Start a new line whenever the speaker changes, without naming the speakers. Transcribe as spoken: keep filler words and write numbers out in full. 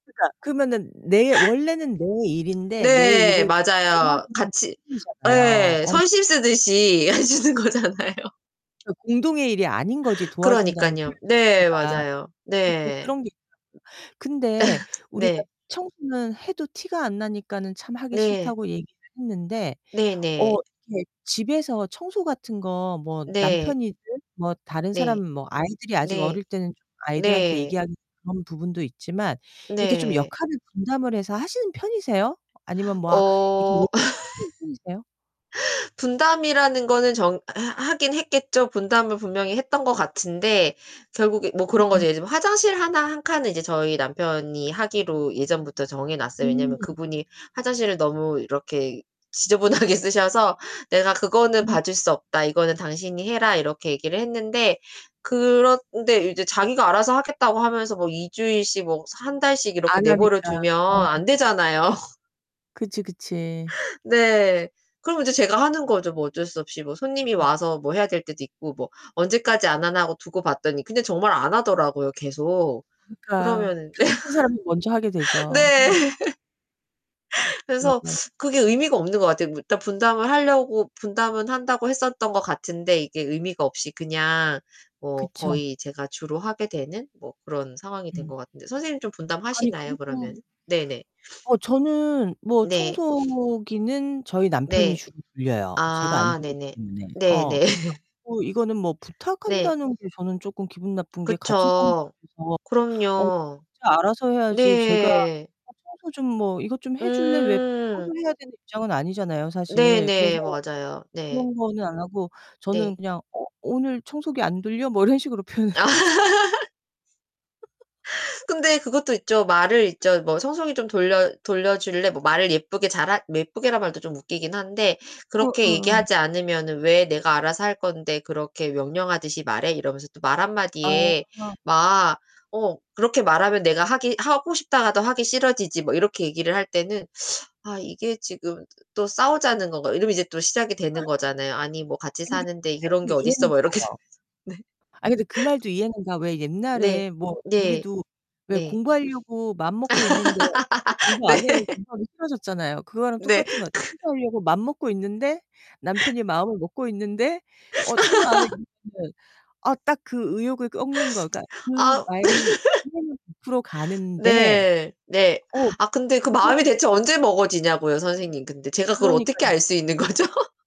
그러니까 그러면은 내 원래는 내 일인데 내
네,
일을
맞아요.
도와주는 것
같이
뿐이잖아요.
예,
어.
선심 쓰듯이 하시는 거잖아요.
그 공동의 일이 아닌 거지. 도와준다는 표현
그러니깐요. 네,
자체가.
맞아요.
그러니까
네.
그런 게 있더라고요. 근데 우리가
네.
청소는 해도 티가 안 나니까는 참 하기
네.
싫다고 얘기를 했는데. 어,
네네.
이렇게 집에서 청소 같은 거 뭐
네.
남편이든 뭐 다른 사람
네.
뭐 아이들이 아직
네.
어릴 때는 좀 아이들한테
네.
얘기하기는 좀 그런 부분도 있지만 이렇게 좀
네.
역할을 분담을 해서 하시는 편이세요? 아니면 뭐 아 이렇게
어.
얘기하시는 편이세요?
분담이라는 거는 정 하 하긴 했겠죠. 분담을 분명히 했던 것 같은데 결국에 뭐 그런 거죠.
그렇구나.
예를 들면 화장실 하나, 한 칸은 이제 저희 남편이 하기로 예전부터 정해 놨어요. 왜냐면
음.
그분이 화장실을 너무 이렇게 지저분하게 쓰셔서 "내가 그거는
음
봐줄 수 없다. 이거는 당신이 해라." 이렇게 얘기를 했는데 그런데 이제 자기가 알아서 하겠다고 하면서 뭐 이 주일씩 뭐 한 달씩 이렇게
안 하니까.
내버려두면
어.
안 되잖아요.
그치, 그치.
네. 그러면 이제 제가 하는 거죠. 뭐 어쩔 수 없이 뭐 손님이
음.
와서 뭐 해야 될 때도 있고 뭐 언제까지 안 하나 하고 두고 봤더니 그런데 정말 안 하더라고요, 계속.
그러니까.
그러면
답답한 사람이 먼저 하게
네.
되죠. 음.
그래서
네네
그게 의미가 없는 것 같아요. 일단 분담을 하려고 분담은 한다고 했었던 것 같은데 이게 의미가 없이 그냥 뭐
그쵸.
거의 제가 주로 하게 되는 뭐 그런 상황이 된
음.
것 같은데. 선생님 좀
아니,
분담하시나요,
그리고
그러면은? 네네.
어, 저는 뭐
네.
청소기는 저희 남편이
네.
주로 돌려요. 제가 안
아,
돌리기
네네.
때문에. 어.
네네.
그래서 뭐 이거는 뭐
네.
부탁한다는 게 저는 쪼끔 기분 나쁜 게 같이 사는
그쵸.
집에서 어
그럼요.
각자 알아서 해야지 제가
네.
"어, 청소 좀 뭐 이것 좀 해줄래?" 왜
음.
부탁을 해야 되는 입장은 아니잖아요, 사실. 그래서
네네. 맞아요. 네.
그런 거는 안 하고
네.
저는 그냥 "어, 오늘 청소기 안 돌려?" 뭐 이런 식으로 표현을
아.
하거든요.
근데 그것도 있죠. 말을 있죠. 뭐 "청소기 좀 돌려 돌려줄래?" 뭐 말을 예쁘게 잘하 예쁘게란 말도 좀 웃기긴 한데
어
그렇게
어어.
얘기하지 않으면은 "왜 내가 알아서 할 건데 그렇게 명령하듯이 말해?" 이러면서 또 말 한마디에
아.
막 어, "그렇게 말하면 내가 하기 하고 싶다가도 하기 싫어지지." 뭐 이렇게 얘기를 할 때는 '아, 이게 지금 또 싸우자는 건가.' 이러면 이제 또 시작이 되는 거잖아요. "아니 뭐 같이
아니 근데
사는데
나도
그런 게 어딨어?"
이해는
막 이렇게 되면서.
가요. 아, 근데 그 말도 이해는 가. 왜
네.
옛날에 뭐
네.
우리도 왜
네. 네.
공부하려고 마음먹고 있는데 엄마가 "공부 안 해?" 이러면
네.
공부하기 싫어졌잖아요. 그거랑
네.
똑같은
크
것 같 청소하려고 마음 먹고 있는데 남편이 마음을 먹고 있는데 "어, 청소 안 해?" [unintelligible] 어, 딱 그 의욕을 꺾는 거가 그
아.
말이 [unintelligible] 풀어 가는데
네. 네.
어,
아, 근데 그 마음이
그거를
대체 언제 먹어지냐고요, 선생님. 근데 제가 그걸 어떻게
그러니까요.
알 수 있는 거죠?